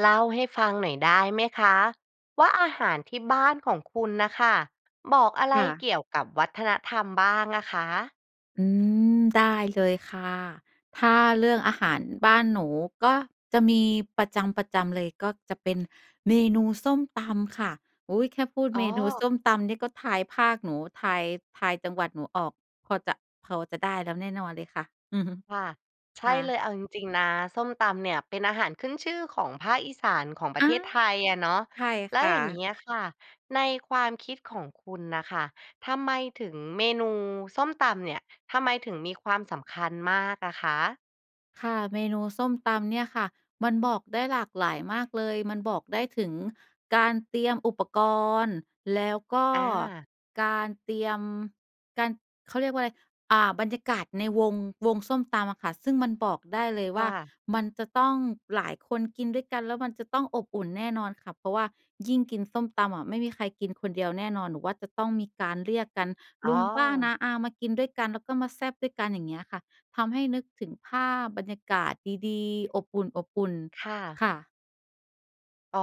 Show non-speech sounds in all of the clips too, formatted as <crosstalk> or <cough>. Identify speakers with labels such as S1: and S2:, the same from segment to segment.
S1: เล่าให้ฟังหน่อยได้ไหมคะว่า อาหารที่บ้านของคุณน่ะค่ะ บอกอะไร
S2: ค่ะ
S1: เกี่ยวกับวัฒนธรรมบ้างอะคะ?
S2: อืม ได้เลยค่ะ ถ้าเรื่องอาหารบ้านหนูก็จะมีประจำ ๆ เลยก็จะเป็นเมนูส้มตำค่ะ อุ๊ย! แค่พูด
S1: อ๋
S2: เมนู
S1: อ
S2: ส้มตำเนี่ยก็ทายภาคหนู ทาย ทายจังหวัดหนูออก พอจะ พอจะได้แล้วแน่นอนเลยค่ะ อือฮึ
S1: ค่ะ ใช
S2: ค
S1: ่
S2: ่
S1: เล
S2: ะ
S1: ย เอาจริง ๆ นะ ส้มตำเนี่ยเป็นอาหารขึ้นชื่อของภาคอีสานของปร
S2: อ
S1: ะเ
S2: า
S1: ทศไทยอะเนาะ
S2: ใช่
S1: แล้
S2: ค
S1: ว
S2: ่
S1: อย่างเงี
S2: ะ
S1: ้ยค่ะ ในความคิดของคุณน่ะค่ะ ทำไมถึงเมนูส้มตำเนี่ย ทำไมถึงมีความสำคัญมากอะคะ?
S2: ค่ะ เมนูส้มตำเนี่ยค่ะ มันบอกได้หลากหลายมากเลย มันบอกได้ถึงการเตรียมอุปกรณ์ แล้วก็
S1: อา
S2: การเตรียม การ เขาเรียกว่าอะไร อ่า บรรยากาศในวง วงส้มตำอะค่ะ ซึ่งมันบอกได้เลย
S1: ค
S2: ว
S1: ่
S2: ่า
S1: ะ
S2: มันจะต้องหลายคนกินด้วยกัน แล้วมันจะต้องอบอุ่นแน่นอนค่ะ เพราะว่ายิ่งกินส้มตำอะ ไม่มีใครกินคนเดียวแน่นอน หนูว่าจะต้องมีการเรียกกัน
S1: อ
S2: ล
S1: ๋
S2: ุ
S1: อ
S2: ง ป้า น้า อา มากินด้วยกัน แล้วก็มาแซ่บด้วยกัน อย่างเงี้ยค่ะ ทำให้นึกถึงภาพบรรยากาศดี ๆ อบอุ่น
S1: ค่ะ
S2: ๆ ค่ะ
S1: อ๋อ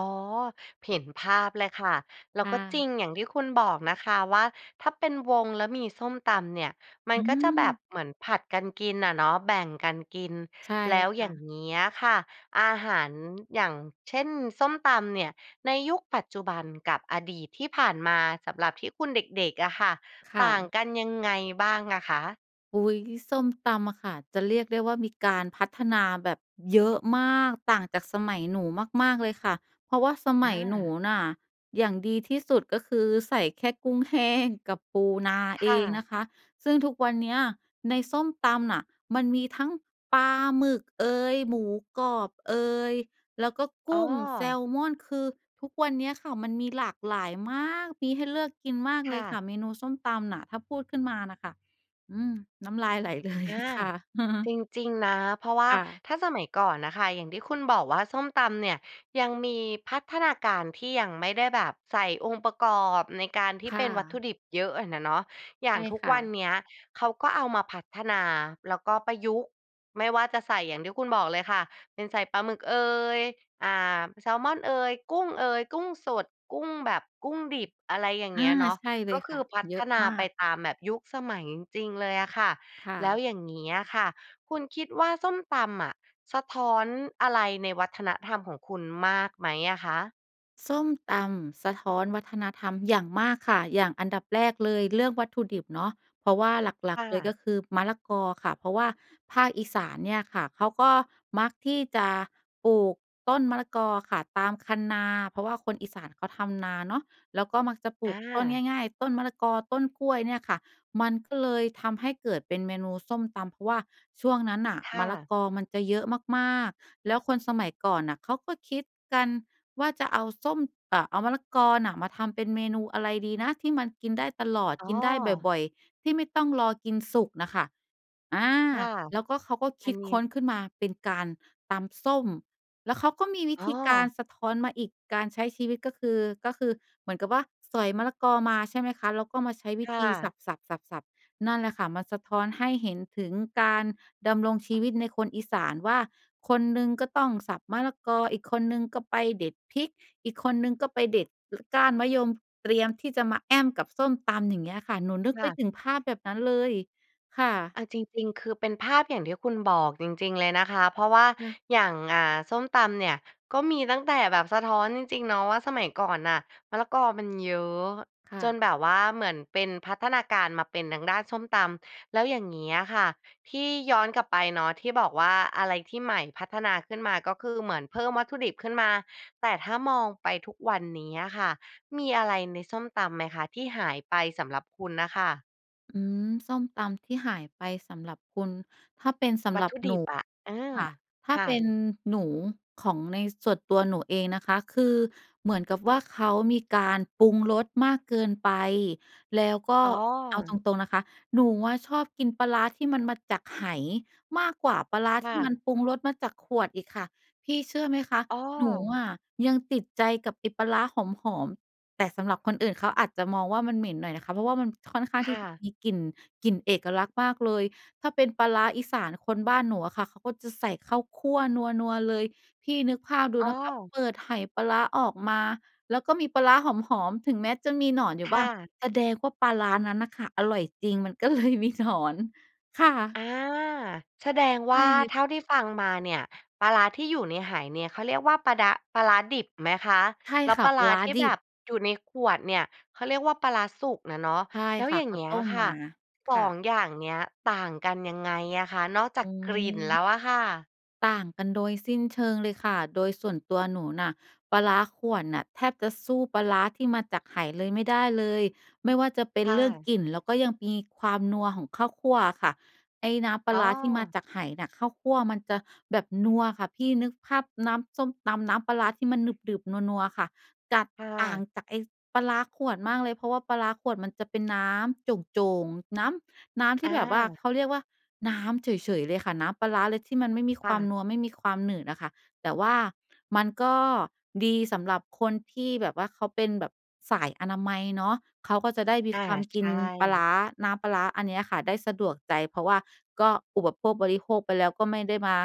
S1: เห็นภาพเลยค่ะ แล้
S2: ค
S1: ว
S2: ่
S1: ก็จร
S2: ะ
S1: ิงอย่างที่คุณบอกนะคะว่า ถ้าเป็นวงแล้วมีส้มตำเนี่ย มั
S2: อ
S1: น
S2: ื
S1: ก็จะแบบ
S2: ม
S1: เหมือนผลัดกันกินอะเนาะ แบ่งกันกิน
S2: ใช่
S1: แล้ว
S2: ค
S1: อย่
S2: ่
S1: าง
S2: ะ
S1: เงี้ยค่ะ อาหาร อย่างเช่น ส้มตำเนี่ย ในยุคปัจจุบันกับอดีตที่ผ่านมาสำหรับที่คุณเด็ก ๆ อะค่ะ
S2: ค
S1: ต
S2: ่
S1: ่าง
S2: ะ
S1: กันยังไงบ้างอะคะ?
S2: อุ๊ย ส้มตำอะค่ะ จะเรียกได้ว่ามีการพัฒนาแบบเยอะมาก ต่างจากสมัยหนูมาก ๆ เลยค่ะ เพราะว่าสม
S1: อ
S2: ัยหนู
S1: า
S2: น่ะ อย่างดีที่สุด ก็คือใส่แค่กุ้งแห้งกับปูนา
S1: ค
S2: เอ
S1: ่
S2: ง
S1: ะ
S2: นะคะ ซึ่งทุกวันเนี้ยในส้มตำน่ะ มันมีทั้งปลาหมึกเอย หมูกรอบเอย แล้วก็ก
S1: อ๋
S2: ุ้ง แซ
S1: อ
S2: ลมอน คือทุกวันเนี้ยค่ะ มันมีหลากหลายมาก มีให้เลือกกินมาก
S1: ค
S2: เล
S1: ่
S2: ยค่
S1: ะ
S2: ะ เมนูส้มตำน่ะถ้าพูดขึ้นมาน่ะค่ะ อืม น้ำลาย ไหลเลย
S1: อา
S2: ค่ะ
S1: จ
S2: <chuckles>
S1: ริง ๆ นะ เพราะว่า
S2: ค่ะ
S1: ถ้าสมัยก่อนน่ะค่ะ อย่างที่คุณบอกว่าส้มตำเนี่ย ยังมีพัฒนาการที่ยังไม่ได้แบบใส่องค์ประกอบในการที่
S2: ค
S1: เ
S2: ่
S1: ป็นวัตถุ
S2: ะ
S1: ดิบเยอะอะน่ะเนาะ อย่
S2: ใช
S1: าง
S2: ่
S1: ทุก
S2: ค่
S1: วัน
S2: ะ
S1: เนี้ยเขาก็เอามาพัฒนา แล้วก็ประยุกต์ ไม่ว่าจะใส่อย่างที่คุณบอกเลยค่ะ เป็นใส่ปลาหมึกเอย อ่า แซลมอนเอย กุ้งเอย กุ้งสด กุ้งแบบ กุ้งดิบ อะไรอย่าง
S2: อ
S1: เง
S2: า
S1: ี้ยเนาะ
S2: ใช่เล
S1: ก็
S2: ย
S1: ค
S2: ค
S1: ื
S2: ่
S1: อ
S2: ะ
S1: พั
S2: เยอ
S1: ฒ
S2: ะ
S1: นา
S2: มา
S1: ไป
S2: ก
S1: ตามแบบยุคสมัยจริง ๆ เลยอะค่ะ
S2: ค่
S1: แล้ว
S2: ะ
S1: อย่างนี้อะค่ะ คุณคิดว่าส้มตำอะ สะท้อนอะไรในวัฒนธรรมของคุณมากไหมอะคะ?
S2: ส้มตำสะท้อนวัฒนธรรมอย่างมากค่ะ อย่างอันดับแรกเลย เรื่องวัตถุดิบเนาะ เพราะว่าหลั
S1: ค
S2: ก ๆ เล
S1: ่
S2: ย
S1: ะ
S2: ก็คือมะละกอค่ะ เพราะว่าภาคอีสานเนี่ยค่ะ เขาก็มักที่จะปลูกต้นมะละกอค่ะ ตามคันนา เพราะว่าคนอีสานเขาทำนาเนาะ แล้วก็มักจะปลู
S1: อ
S2: กต้น
S1: า
S2: ง่าย ๆ ต้นมะละกอ ต้นกล้วยเนี่ยค่ะ มันก็เลยทำให้เกิดเป็นเมนูส้มตำ เพราะว่าช่วงนั้นน่ะ
S1: ค
S2: ม
S1: ่
S2: ะละ
S1: ะ
S2: กอมันจะเยอะมาก ๆ แล้วคนสมัยก่อนน่ะ เขาก็คิดกันว่าจะเอาส้ม เอ่อ เอามะละกอมาทำเป็นเมนูอะไรดีนะที่มันกินได้ตลอด
S1: อ๋
S2: ก
S1: อ
S2: ินได้บ่อย ๆ ที่ไม่ต้องรอกินสุกน่ะค่ะ อา
S1: ค่ะ
S2: แล้วก็ เขาก็ค
S1: อั
S2: ิ
S1: น
S2: ด
S1: นี
S2: ค้
S1: ้
S2: นขึ้นมาเป็นการตำส้ม แล้วเขาก็มีวิ
S1: อ๋
S2: ธ
S1: อ
S2: ีการสะท้อนมาอีก การใช้ชีวิตก็คือ ก็คือเหมือนกับว่า สอยมะละกอมา ใช่ไหมคะ แล้วก็มาใช้ว
S1: ค
S2: ิ
S1: ่
S2: ธีส
S1: ะ
S2: ับ ๆ ๆ ๆ นั่นแหละค่ะ มันสะท้อนให้เห็นถึงการดำรงชีวิตในคนอีสานว่า คนหนึ่งก็ต้องสับมะละกอ อีกคนหนึ่งก็ไปเด็ดพริก อีกคนหนึ่งก็ไปเด็ด ก ก้านมะยมเตรียมที่จะมาแอ้มกับส้มตำ อย่างเงี้ยค่ะ หนูนึก
S1: ค
S2: ไ
S1: ่
S2: ป
S1: ะ
S2: ถึงภาพแบบนั้นเลยค่ะ
S1: เอาจริง ๆ คือเป็นภาพอย่างที่คุณบอกจริง ๆ เลยนะคะ เพราะว่า
S2: น่ะ
S1: อย่าง อ่า ส้มตำเนี่ยก็มีตั้งแต่แบบสะท้อนจริง ๆ เนาะว่า สมัยก่อนน่ะมะละกอมันเยอะ
S2: ค่
S1: จน
S2: ะ
S1: แบบว่าเหมือนเป็นพัฒนาการมาเป็นทางด้านส้มตำ แล้วอย่างงี้อะค่ะ ที่ย้อนกลับไปเนาะที่บอกว่า อะไรที่ใหม่พัฒนาขึ้นมา ก็คือเหมือนเพิ่มวัตถุดิบขึ้นมา แต่ถ้ามองไปทุกวันนี้อะค่ะ มีอะไรในส้มตำไหมคะ? ที่หายไปสำหรับคุณน่ะค่ะ
S2: อืม ส้มตำที่หายไปสำหรับคุณ ถ้าเป็นสำ
S1: วั
S2: ห
S1: ต
S2: รั
S1: ถ
S2: บ
S1: ุด
S2: หน
S1: ิ
S2: ู
S1: บอะ เออ
S2: ค่ะ ถ้า
S1: ค่
S2: เป็
S1: ะ
S2: นหนู ของในส่วนตัวหนูเองนะคะ คือเหมือนกับว่า เขามีการปรุงรสมากเกินไป แล้วก็
S1: อ๋อ
S2: เอาตรง ๆ นะคะ หนูอะชอบกินปลาร้าที่มันมาจากไหมากกว่าปลาร้า
S1: ค
S2: ท
S1: ่
S2: ี่ม
S1: ะ
S2: ันปรุงรสมาจากขวดอีกค่ะ พี่เชื่อไหมคะ
S1: อ้
S2: หนู
S1: อ
S2: อะยังติดใจกับไอ้ปลาร้าหอม ๆ แต่สำหรับคนอื่นเขาอาจจะมองว่า มันเหม็นหน่อยนะคะ เพราะว่ามันค่อนข้าง
S1: ค
S2: ที
S1: ่
S2: ่จะ
S1: ะ
S2: มีกลิ่น กลิ่นเอกลักษณ์มากเลย ถ้าเป็นปลาร้าอีสานคนบ้านหนูอะค่ะ เขาก็จะใส่ข้าวคั่วนัว ๆ เลย พี่นึกภาพดู
S1: อ้
S2: นะคะ
S1: อ
S2: เปิดไหปลาร้าออกมาแล้วก็มีปลาร้าหอม ๆ ถึงแม้จะมีหนอนอยู
S1: ค
S2: ่บ้
S1: ่
S2: าง
S1: ะ
S2: แสดงว่าปลาร้านั้นน่ะค่ะ อร่อยจริง มันก็เลยมีหนอน ค่
S1: อ
S2: ะ
S1: า แสดง
S2: ใ
S1: ว
S2: ช
S1: ่
S2: ่
S1: า
S2: เลย
S1: เท่
S2: ค
S1: า
S2: ่ะ
S1: ที่ฟังมาเนี่ยปลาร้าที่อยู่ในไหเนี่ยเขาเรียกว่า ปลาด้า ปลาร้าดิบไหมคะ?
S2: ใช่
S1: แล้ว
S2: ค่
S1: ป
S2: ะ
S1: ลา
S2: ป
S1: ร
S2: ล
S1: ้
S2: า
S1: า
S2: ร้า
S1: ที่
S2: ดิ
S1: แบ
S2: บ
S1: บอยู่ในขวดเนี่ย เขาเรียกว่าปลาร้าสุกน่ะเนาะ
S2: ใช่
S1: แล้ว
S2: ค่
S1: อ
S2: ะ
S1: ย่า
S2: เ
S1: ง
S2: ข
S1: เ
S2: า
S1: งี้
S2: ต
S1: ย
S2: ้ม
S1: ค่
S2: ม
S1: ะ
S2: า
S1: ส
S2: ค
S1: อ
S2: ่ะ
S1: ง อย่างเนี้ยต่างกันยังไงอะคะ? นอกจา
S2: อื
S1: กกลิ่นแล้
S2: ม
S1: วอะค่ะ
S2: ต่างกันโดยสิ้นเชิงเลยค่ะ โดยส่วนตัวหนูน่ะ ปลาร้าขวด น่ะแทบจะสู้ปลาร้าที่มาจากไหเลยไม่ได้เลย ไม่ว่าจะเป็
S1: ค
S2: น
S1: ่
S2: เรื่อง
S1: ะ
S2: กลิ่น แล้วก็ยังมีความนัวของข้าวคั่วอะค่ะ ไอ้น้ำปล
S1: อ
S2: า
S1: ๋อ
S2: ร้าที่มาจากไหน่ะ ข้าวคั่วมันจะแบบนัวค่ะพี่ นึกภาพน้ำส้มตำน้ำปลาร้าที่มันหนึบ ๆ นัว ๆ อะค่ะ จัด
S1: ค่
S2: ต่า
S1: ะ
S2: งจากไอ้ปลาร้าขวดมากเลย เพราะว่าปลาร้าขวดมันจะเป็นน้ำโจ่ง ๆ น้ำ น้ำที่แบบว่า
S1: อา
S2: เขาเรียกว่าน้ำเฉย ๆ เลยค่ะ น้ำปลาร้าเลยที่มันไม่มี
S1: ค
S2: ค
S1: ่
S2: วาม
S1: ะ
S2: นัว ไม่มีความหนืดอะค่ะ แต่ว่ามันก็ดีสำหรับคนที่แบบว่าเขาเป็นแบบสายอนามัยเนาะ เขาก็จะได้มี
S1: อา
S2: ความ
S1: ช ใ
S2: ก
S1: ช
S2: ินปลาร
S1: ่
S2: ้า น้ำปลาร้าอันเนี้ยค่ะได้สะดวกใจ เพราะว่าก็อุปโภคบริโภคไปแล้วก็ไม่ได้มา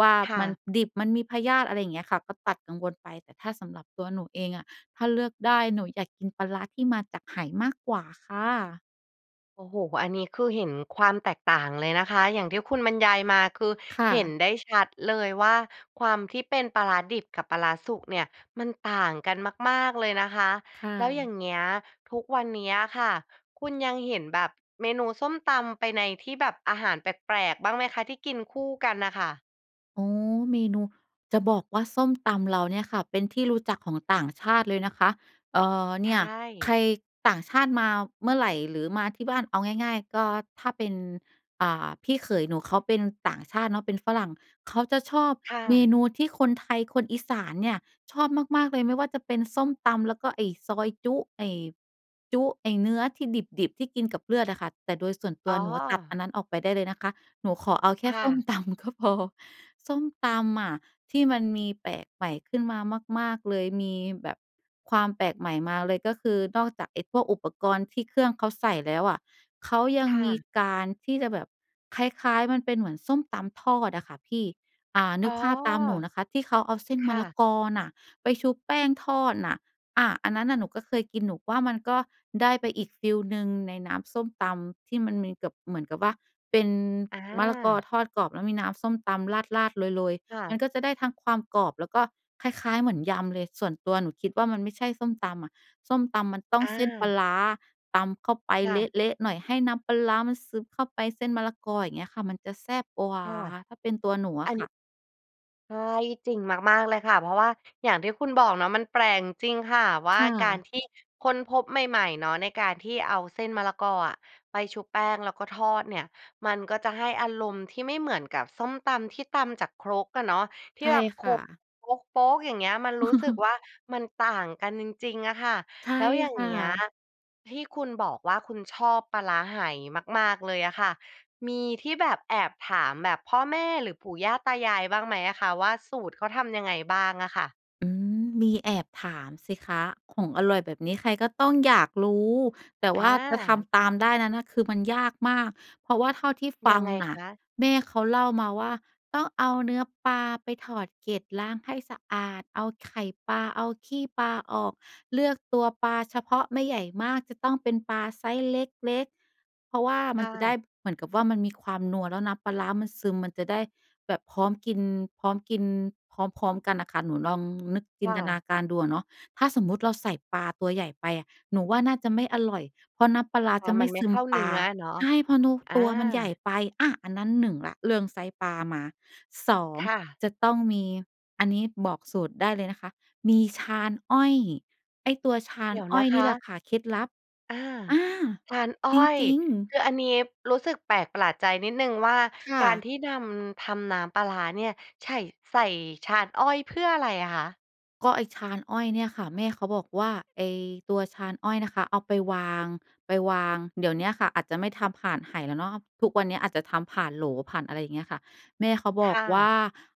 S2: ว่า
S1: ค่
S2: มั
S1: ะ
S2: นดิบมันมีพยาธิ อะไรอย่างเงี้ยค่ะ ก็ตัดกังวลไป แต่ถ้าสำหรับตัวหนูเองอะ ถ้าเลือกได้ หนูอยากกินปลาร้าที่มาจากไหมากกว่าค่ะ
S1: โอ้โฮ อันนี้คือเห็นความแตกต่างเลยนะคะ อย่างที่คุณบรรยายมา คือ
S2: ค่
S1: เห็น
S2: ะ
S1: ได้ชัดเลยว่า ความที่เป็นปลาร้าดิบกับปลาร้าสุกเนี่ยมันต่างกันมาก ๆ เลยนะคะ
S2: ค่
S1: แล้วอย่า
S2: ะ
S1: งเงี้ย ทุกวันเนี้ยค่ะ คุณยังเห็นแบบเมนูส้มตำไปในที่แบบอาหารแปลก ๆ บ้างไหมคะ? ที่กินคู่กันน่ะค่ะ
S2: อ๋อ เมนู จะบอกว่าส้มตำเราเนี่ยค่ะ เป็นที่รู้จักของต่างชาติเลยนะคะ เอ่อ
S1: ใ
S2: เ
S1: ช
S2: นี่ยใ
S1: ่
S2: คร ต่างชาติมาเมื่อไหร่ หรือมาที่บ้าน เอาง่าย ๆ ก็ถ้าเป็น อ่า พี่เขยหนูเขาเป็นต่างชาติเนาะ เป็นฝรั่งเขาจะชอบ
S1: ค่
S2: เม
S1: ะ
S2: นูที่คนไทย คนอีสานเนี่ยชอบมาก ๆ เลย ไม่ว่าจะเป็นส้มตำแล้วก็ไอ้ซอยจุ๊ ไอ้จุ๊ ไอ้เนื้อที่ดิบ ๆ ที่กินกับเลือดอะค่ะ แต่โดยส่วนต
S1: อ๋
S2: ัว
S1: อ
S2: หนูอะตัดอันนั้นออกไปได้เลยนะคะ หนูขอเอาแค
S1: ค
S2: ่
S1: ่
S2: ส้ม
S1: ะ
S2: ตำก็พอ ส้มตำอะที่มันมีแปลกใหม่ขึ้นมามาก ๆ เลย มีแบบความแปลกใหม่มาเลย ก็คือนอกจากไอ้พวกอุปกรณ์ที่เครื่องเขาใส่แล้วอะ เขายั
S1: ค
S2: ง
S1: ่
S2: มี
S1: ะ
S2: การที่จะแบบคล้าย ๆ มันเป็นเหมือนส้มตำทอดอะค่ะพี่ อ่า น
S1: อ๋
S2: ึ
S1: อ
S2: กภาพตามหนูนะคะ ที่เขาเอาเส้น
S1: ค
S2: มะ
S1: ่
S2: ละ
S1: ะ
S2: กอน่ะไปชุปแป้งทอดน่ะ อะ อันนั้นน่ะหนูก็เคยกิน หนูก็ว่ามันก็ได้ไปอีกฟีลหนึ่งในน้ำส้มตำที่มันมีเกือบ เหมือนกับว่าเป็น
S1: อ
S2: มะละกอ
S1: า
S2: ทอดกรอบ แล้วมีน้ำส้มตำราด ๆ โรย
S1: ค่ะ
S2: ๆ มันก็จะได้ทั้งความกรอบ แล้วก็คล้าย ๆ เหมือนยำเลย ส่วนตัวหนูคิดว่ามันไม่ใช่ส้มตำอะ ส้มตำมันต้อ
S1: อ
S2: งเส้นปลา
S1: า
S2: ร้า ตำเข้าไป
S1: ค่
S2: เ
S1: ะ
S2: ละ ๆ หน่อย ให้น้ำปลาร้ามันซึบเข้าไปเส้นมะละกอ อย่างเงี้ยค่ะ มันจะแซ่บกว่
S1: ค
S2: า
S1: ่ะ
S2: ถ้าเป็นตัวหนูอ
S1: อั
S2: ะ
S1: น
S2: ค
S1: นี
S2: ่
S1: ้
S2: ะ
S1: ใช่ จริงมาก ๆ เลยค่ะ เพราะว่าอย่างที่คุณบอกเนาะ มันแปลกจริงค่ะ ว่
S2: ค
S1: า
S2: ่
S1: การ
S2: ะ
S1: ที่ค้นพบใหม่ ๆ เนาะ ในการที่เอาเส้นมะละกออะ ไปชุบแป้งแล้วก็ทอดเนี่ย มันก็จะให้อารมณ์ที่ไม่เหมือนกับส้มตำที่ตำจากครกอะเนาะ ที
S2: ใ
S1: ่
S2: ช่
S1: แบบโข
S2: ค่ะ
S1: ลก โป๊ก ๆ อย่างเงี้ยมันรู้สึก
S2: <laughs>
S1: ว่า มันต่างกันจริง ๆ อะค่ะ
S2: ใช่
S1: แล้วอย่า
S2: ค
S1: งเ
S2: ่
S1: งี้ย
S2: ะ
S1: ที่คุณบอกว่า คุณชอบปลาร้าไหมาก ๆ เลยอะค่ะ มีที่แบบแอบถาม แบบพ่อแม่ หรือปู่ย่าตายายบ้างไหมอะคะว่า สูตรเขาทำยังไงบ้างอะค่ะ?
S2: อืม มีแอบถามสิคะ ของอร่อยแบบนี้ใครก็ต้องอยากรู้ แต่
S1: อ
S2: ว่าจะท
S1: า
S2: ำตามได้นั้นน่ะ คือมันยากมาก เพราะว่าเท่าที่ฟ
S1: ยั
S2: ั
S1: ง
S2: ง
S1: ไง
S2: น่
S1: ค
S2: ะ
S1: ะ?
S2: แม่เขาเล่ามาว่า ต้องเอาเนื้อปลาไปถอดเกล็ดล้างให้สะอาดเอาไข่ปลาเอาขี้ปลาออก เลือกตัวปลาเฉพาะ ไม่ใหญ่มาก จะต้องเป็นปลาไซซ์เล็ก ๆ เพราะว่า
S1: ค
S2: มั
S1: ่
S2: นจะได
S1: ะ
S2: ้เหมือนกับว่า มันมีความนัว แล้วน้ำปลาร้ามันซึม มันจะได้แบบ พร้อมกิน พร้อมกิน พร้อม ๆ กันน่ะค่ะ หนูลองนึกจิ
S1: ค่
S2: นตนา
S1: ะ
S2: การดูอะเนาะ ถ้าสมมุติเราใส่ปลาตัวใหญ่ไปอะ หนูว่าน่าจะไม่อร่อย เพราะน้ำปลาร้า
S1: อา
S2: จะไ
S1: ม
S2: ม
S1: ั
S2: ่
S1: นไม
S2: ซ
S1: ่
S2: ึ
S1: เข
S2: ม
S1: ้า
S2: ป
S1: เน
S2: ล
S1: ื้
S2: า
S1: ออะเนาะ
S2: ใช่ เพราะนัว
S1: อา
S2: ตัวมันใหญ่ไป อ่า อันนั้น 1 ละ เรื่องไซซ์ปลามา 2
S1: ค่ะ
S2: จะต้องมี อันนี้บอกสูตรได้เลยนะคะ มีชานอ้อย ไอ้ตัวชา
S1: เด
S2: น
S1: ี๋ยว
S2: อ
S1: น
S2: ้อ
S1: ะ
S2: ย
S1: ค
S2: นี่แหละ
S1: ะ
S2: ค่ะ เคล็ดลับ
S1: อา
S2: อา
S1: ชานอ้อ
S2: จ
S1: ย
S2: ริง ๆ
S1: คืออันนี้รู้สึกแปลกประหลาดใจนิดหนึ่งว่า
S2: ค่
S1: การ
S2: ะ
S1: ที่นำ ทำน้ำปลาร้าเนี่ย ใฉ่ ใส่ชานอ้อยเพื่ออะไรอะคะ?
S2: ก็ไอ้ชานอ้อยเนี่ยค่ะ แม่เขาบอกว่า ไอ้ตัวชานอ้อยนะคะ เอาไปวาง ไปวาง เดี๋ยวเนี้ยค่ะอาจจะไม่ทำผ่านไหแล้วเนาะ ทุกวันเนี้ยอาจจะทำผ่านโหลผ่านอะไร อย่างเงี้ยค่ะ แม่เขาบ
S1: ค
S2: อ
S1: ่
S2: กว่
S1: ะ
S2: า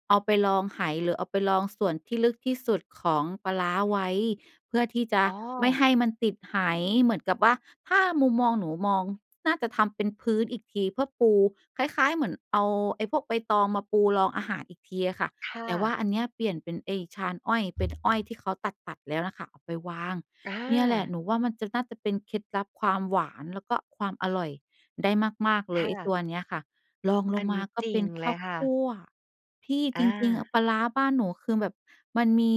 S2: เอาไปรองไหหรือเอาไปรองส่วนที่ลึกที่สุดของปลาร้าไว้ เพื่อที่จะ
S1: อ๋อ
S2: ไม่ให้มันติดไห เหมือนกับว่า ถ้ามุมมองหนูมอง น่าจะทำเป็นพื้นอีกทีเพื่อปู คล้าย ๆ เหมือนเอาไอ้พวกใบตองมาปูรองอาหารอีกทีอะค่ะ
S1: ค่
S2: แต่ว่า
S1: ะ
S2: อันเนี้ยเปลี่ยนเป็นไอ้ชานอ้อย เป็นอ้อยที่เขาตัด ๆ แล้วน่ะค่ะ เอาไปวาง
S1: อ
S2: เนี่ยแหละ
S1: า
S2: หนูว่ามันจะ น่าจะเป็นเคล็ดลับความหวาน แล้วก็ความอร่อยได้มาก ๆ เ
S1: ค
S2: ลย
S1: ่
S2: ไอ้ต
S1: ะ
S2: ัวเนี้ยค่ะ ลองล
S1: อั
S2: ง
S1: นน
S2: ม
S1: ี
S2: า
S1: ้
S2: ก็
S1: จร
S2: เ
S1: ิ
S2: ป็
S1: ง
S2: น
S1: เ
S2: ข
S1: ล
S2: ้า
S1: ย
S2: ว
S1: ค่
S2: ค
S1: ะ
S2: ั่ว พี่
S1: อ
S2: จริง ๆ อะ
S1: า
S2: ปลาร้าบ้านหนูคือแบบมันมี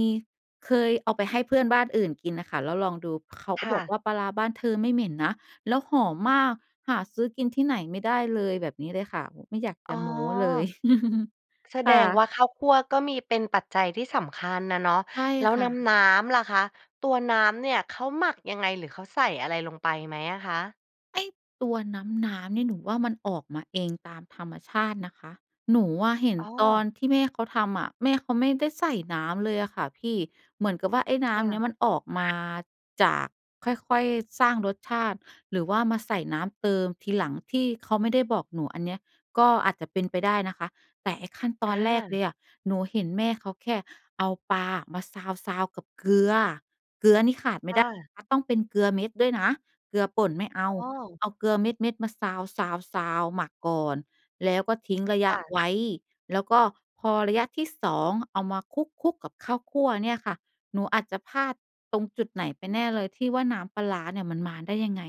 S2: เคยเอาไปให้เพื่อนบ้านอื่นกินน่ะค่ะ แล้วลองดู เขาก
S1: ค
S2: ็
S1: ่
S2: บอก
S1: ะ
S2: ว่า "ปลาร้าบ้านเธอไม่เหม็นนะ แล้วหอมมาก หาซื้อกินที่ไหนไม่ได้เลย" แบบนี้เลยค่ะ โอ้โฮ ไม่อยาก
S1: อ
S2: จ
S1: ๋
S2: ะ
S1: อ!
S2: โม้เลย <chuckles>
S1: แส
S2: ค
S1: ด
S2: ่
S1: ง
S2: ะ
S1: ว่า ข้าวคั่วก็มี เป็นปัจจัยที่สำคัญน่ะเนาะ
S2: ใช่
S1: แล้ว
S2: ค่
S1: น
S2: ะ
S1: ้ำ ๆ ล่ะคะ ตัวน้ำเนี่ยเขาหมักยังไง? หรือเขาใส่อะไรลงไปไหมอะคะ?
S2: ไอ้ตัวน้ำ ๆ เนี่ย หนูว่ามันออกมาเองตามธรรมชาตินะคะ หนูอะเห็น
S1: อ้
S2: ตอ
S1: อ
S2: นที่แม่เขาทำอะ แม่เขาไม่ได้ใส่น้ำเลยอะค่ะพี่ เหมือนกับว่า ไอ้น้
S1: ค่
S2: ำเน
S1: ะ
S2: ี่ยมันออกมาจาก ค่อย ๆ สร้างรสชาติ หรือว่ามาใส่น้ำเติมทีหลัง ที่เขาไม่ได้บอกหนูอันเนี้ย ก็อาจจะเป็นไปได้นะคะ แต่ไอ้ขั้นต
S1: อ
S2: อนแรกเล
S1: า
S2: ยอะ หนูเห็นแม่เขาแค่เอาปลามาซาว ๆ กับเกลือ เกลือนี่ขาดไม่
S1: อ
S2: ได้
S1: า
S2: อะ ต้องเป็นเกลือเม็ดด้วยนะ เกลือป่นไม่เอ
S1: อ
S2: า
S1: ้อ
S2: เอาเกลือเม็ด ๆ มาซาว ๆ ๆ หมักก่อน แล้วก็ทิ้งระ
S1: ค
S2: ยะ
S1: ่ะ
S2: ไว้ แล้วก็พอระยะที่ 2 เอามาคลุก ๆ กับข้าวคั่วเนี่ยค่ะ หนูอาจจะพลาดตรงจุดไหนไปแน่เลยที่ว่า น้ำปลาร้าเนี่ยมันมาได้ยังไง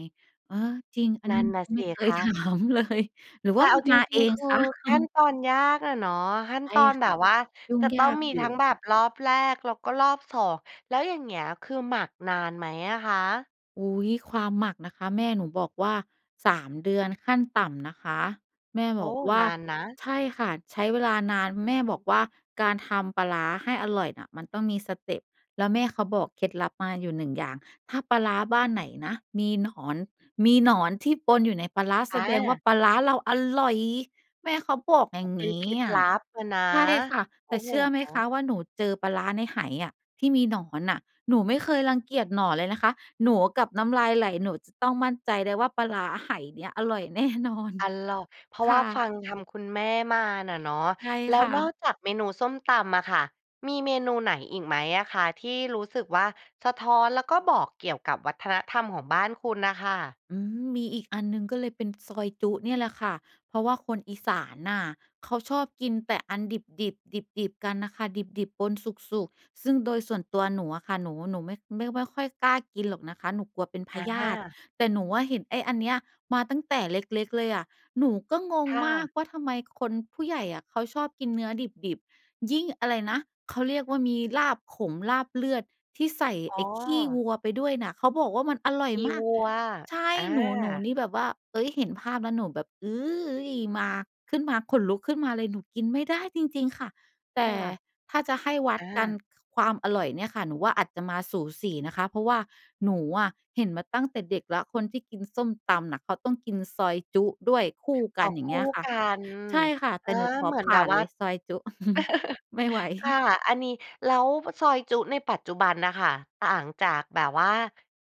S2: เออ จริง อัน
S1: น
S2: นี
S1: ั่
S2: ้
S1: น
S2: หนู
S1: น่ะ
S2: ก็ไ
S1: ส
S2: ม่
S1: ิ
S2: เค
S1: ค
S2: ย ถ
S1: ะ
S2: ามเลย หรือว
S1: แต
S2: ่
S1: ่
S2: า
S1: เ
S2: ม
S1: อ
S2: ั
S1: า
S2: น
S1: จ
S2: มา
S1: ร
S2: เ
S1: ิ
S2: อ
S1: ง ๆ
S2: ง
S1: คื
S2: ค
S1: อ
S2: ะ อื
S1: ขั้น
S2: ม
S1: ตอนยากอะเนาะ ขั้น
S2: ใช่
S1: ตอน
S2: ค
S1: แบ
S2: ่ะ
S1: บว่า
S2: ยุ่
S1: จ
S2: ง
S1: ะต
S2: ย
S1: ้อ
S2: า
S1: ง
S2: ก
S1: มี
S2: อยู
S1: ทั
S2: ่
S1: ้งแบบรอบแรก แล้วก็รอบ 2 แล้วอย่างเงี้ย คือหมักนานไหมอะคะ?
S2: อุ๊ย ความหมักนะคะ แม่หนูบอกว่า 3 เดือนขั้นต่ำนะคะ แม่
S1: โอ
S2: บ
S1: ้
S2: อกว่
S1: น
S2: า
S1: านนะ
S2: ใช่ค่ะ ใช้เวลานาน แม่บอกว่า การทำปลาร้าให้อร่อยน่ะ มันต้องมีสเตปแล้วแม่เขาบอกเคล็ดลับมาอยู่ 1 อย่าง ถ้าปลาร้าบ้านไหนนะ มีหนอน มีหนอนที่ปนอยู่ในปลาร้า
S1: อ
S2: แสดงว่า
S1: า
S2: ปลาร้าเราอร่อย แม่เขาบอกอ
S1: อ
S2: ย
S1: ๋
S2: ่
S1: อ
S2: าง
S1: เป็
S2: ง
S1: น
S2: ี
S1: เคล
S2: ้
S1: ็ด
S2: อ
S1: ล
S2: ะ
S1: ับอะนะ
S2: ใช่ค่ะ
S1: โ
S2: แ
S1: อ
S2: ต
S1: ้
S2: ่
S1: โ
S2: เ
S1: ฮ
S2: ชื่อไหมคะว่า หนูเจอปลาร้าในไหอะ ที่มีหนอนน่ะหนูไม่เคยรังเกียจหนอนเลยนะคะ หนูกับน้ำลายไหล หนูจะต้องมั่นใจได้ว่า ปลาร้าไหเนี้ยอร่อย แน่นอน
S1: อัลลอฮ์ เพราะ
S2: ค
S1: ว่า
S2: ่
S1: ฟ
S2: ะ
S1: ัง ทำคุณแม่มาน่ะเนาะ
S2: ใช่
S1: แล้
S2: ค
S1: ว
S2: ่
S1: นอ
S2: ะ
S1: กจากเมนูส้มตำอะค่ะ มีเมนูไหนอีกไหมอะคะ ที่รู้สึกว่า สะท้อน แล้วก็บอกเกี่ยวกับวัฒนธรรมของบ้านคุณน่ะค่ะ?
S2: อืม มีอีกอันหนึ่งก็เลยเป็นซอยจุ๊เนี่ยแหละค่ะ เพราะว่าคนอีสานน่ะ เขาชอบกินแต่อันดิบ ๆ ดิบ ๆ กันน่ะค่ะ ดิบ ๆ ปนสุก ๆ ซึ่งโดยส่วนตัวหนูอะค่ะ หนู หนูไม่ ไม่ ไม่ค่อยกล้ากินหรอกนะคะ หนูกลัวเป็นพ
S1: อ
S2: ยาธิ
S1: า
S2: แต่หนูอะเห็นไอ้อันเนี้ยมาตั้งแต่เล็ก ๆ เลยอะ หนูก็ง
S1: ค
S2: ง
S1: ่
S2: มาก
S1: ะ
S2: ว่า ทำไมคนผู้ใหญ่อะ เขาชอบกินเนื้อดิบ ๆ ยิ่งอะไรนะ เขาเรียกว่า มีลาบขม ลาบเลือด ที่ใส่
S1: อ๋
S2: ไอ้ขี้ว
S1: อ
S2: ัวไปด้วยน่ะ เขาบอกว่ามันอร่อย
S1: ดี
S2: มา
S1: ว
S2: ก
S1: ัว
S2: ใช่
S1: อ
S2: หนู หนู
S1: า
S2: นี่แบบว่า เอ๊ย เห็นภาพแล้วหนูแบบ อื้ย มา ขึ้นมา ขนลุกขึ้นมาเลย หนูกินไม่ได้จริง ๆ ค่ะ แต
S1: ค
S2: ่
S1: ่ะ
S2: ถ้าจะให้วั
S1: อ
S2: ดกัน
S1: า
S2: ค ความอร่อยเนี่ยค่ะ หนูว่าอาจจะมาสูสีนะคะ เพราะว่า หนูอะเห็นมาตั้งแต่เด็กแล้ว คนที่กินส้มตำน่ะ เขาต้องกินซอยจุ๊ด้วยคู่ก
S1: อ๋
S2: ั
S1: อ
S2: น อย่า
S1: ค
S2: งเ
S1: ู
S2: ง
S1: ่
S2: ี้ยค่ะ
S1: กัน
S2: ใช่ค่ะ
S1: อ
S2: แต่
S1: า
S2: หนูขอ
S1: เหมือ
S2: ผ
S1: นแบ
S2: ่า
S1: บ
S2: น
S1: ว
S2: เ
S1: ่
S2: ล
S1: า
S2: ยซอยจุ๊ <chuckles> ไม่ไหว
S1: <laughs> ค่ะ อันนี้ แล้วซอยจุ๊ในปัจจุบันน่ะค่ะ ต่างจากแบบว่า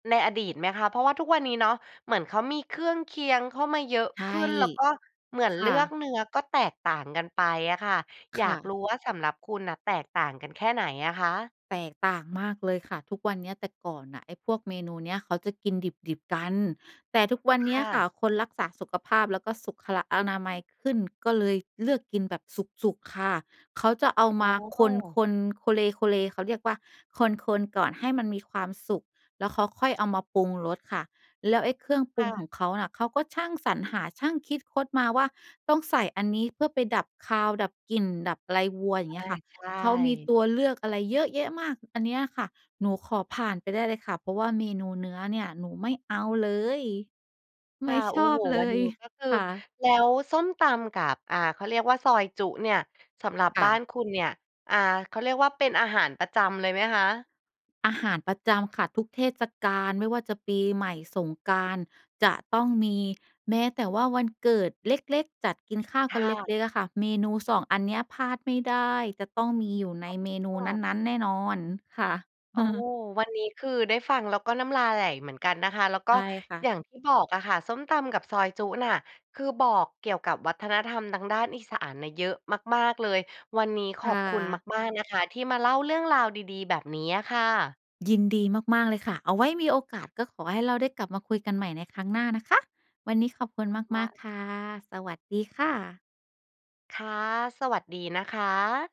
S1: ในอดีตไหมคะ? เพราะว่าทุกวันนี้เนาะ เหมือนเขามีเครื่องเคียงเข้ามาเยอะ
S2: ใช่
S1: ขึ้น แล้วก็เหมือ
S2: ค
S1: นเล
S2: ่
S1: ือก
S2: ะ
S1: เนื้อก็แตกต่างกันไปอะค่ะ อ
S2: ค
S1: ยา
S2: ่
S1: กร
S2: ะ
S1: ู้ว่าสำหรับคุณน่ะแตกต่างกันแค่ไหนอะคะ?
S2: แตกต่างมากเลยค่ะทุกวันเนี้ย แต่ก่อนน่ะไอ้พวกเมนูเนี้ย เขาจะกินดิบ ๆ กัน แต่ทุกวัน
S1: ค
S2: เนี้
S1: ่
S2: ยค่
S1: ะ
S2: ะ คนรักษาสุขภาพ แล้วก็สุขอนามัย ขึ้น ก็เลยเลือกกินแบบสุก ๆ ค่ะ เขาจะเอา
S1: โ
S2: มา
S1: อ
S2: ค
S1: ้
S2: น ๆ โคเล โคเล เขาเรียกว่า คน ๆ ก่อนให้มันมีความสุก แล้วเขาค่อยเอามาปรุงรสค่ะ แล้วไอ้เครื่องป
S1: ค
S2: รุ
S1: ่
S2: งข
S1: ะ
S2: องเขาน่ะ เขาก็ช่างสรรหา ช่างคิดคดมาว่า ต้องใส่อันนี้เพื่อไปดับคาว ดับกลิ่น ดับอะไรวัว อย่
S1: อ
S2: างเงี
S1: า
S2: ้ยค่ะ
S1: ใช
S2: เขามี
S1: ่
S2: ตัวเลือกอะไรเยอะแยะมาก อันเนี้ยค่ะหนูขอผ่านไปได้เลยค่ะ เพราะว่าเมนูเนื้อเนี่ยหนูไม่เอาเลย ไ
S1: ค
S2: ม
S1: ่ะ
S2: ่
S1: โ
S2: ช
S1: อ้
S2: อ
S1: โ
S2: บ
S1: ฮ
S2: เล
S1: วันน
S2: ย
S1: ี้ก็คือ
S2: ค่ะ
S1: แล้วส้มตำกับ อ่า เขาเรียกว่า ซอยจุ๊เนี่ย สำหรับ
S2: ค่
S1: บ้า
S2: ะ
S1: นคุณเนี่ย อ่า เขาเรียกว่า เป็นอาหารประจำเลยไหมคะ?
S2: อาหารประจำค่ะ ทุกเทศกาลไม่ว่าจะปีใหม่ สงกรานต์ จะต้องมี แม้แต่ว่า วันเกิดเล็ก ๆ จัดกินข้าว
S1: ค
S2: ก
S1: ่
S2: ันเล
S1: ะ
S2: ็ก ๆ อะค่ะ เมนู 2 อันเนี้ยพลาดไม่ได้ จะต้องมีอยู่ในเมนู
S1: อ้อ
S2: นั้น ๆ แน่นอน ค่ะ
S1: โอ้
S2: <chuckles>
S1: วันนี้คือได้ฟัง แล้วก็น้ำลายไหลเหมือนกันนะคะ แล้วก็
S2: ใช่ค่ะ
S1: อย่างที่บอกอะค่ะ ส้มตำกับซอยจุ๊น่ะ คือบอกเกี่ยวกับวัฒนธรรมทางด้านอีสานน่ะเยอะมาก ๆ เลย วันนี้ข
S2: ค
S1: อ
S2: ่
S1: บคุณ
S2: ะ
S1: มาก ๆ นะคะ ที่มาเล่าเรื่องราวดี ๆ แบบนี้อะค่ะ
S2: ยินดีมาก ๆ เลยค่ะ เอาไว้มีโอกาส ก็ขอให้เราได้กลับมาคุยกันใหม่ในครั้งหน้านะคะ วันนี้ขอบคุณ
S1: ว
S2: ม
S1: ่
S2: าก
S1: า
S2: ๆ ค่ะ สวัสดีค่ะ
S1: ค่ะ สวัสดีนะคะ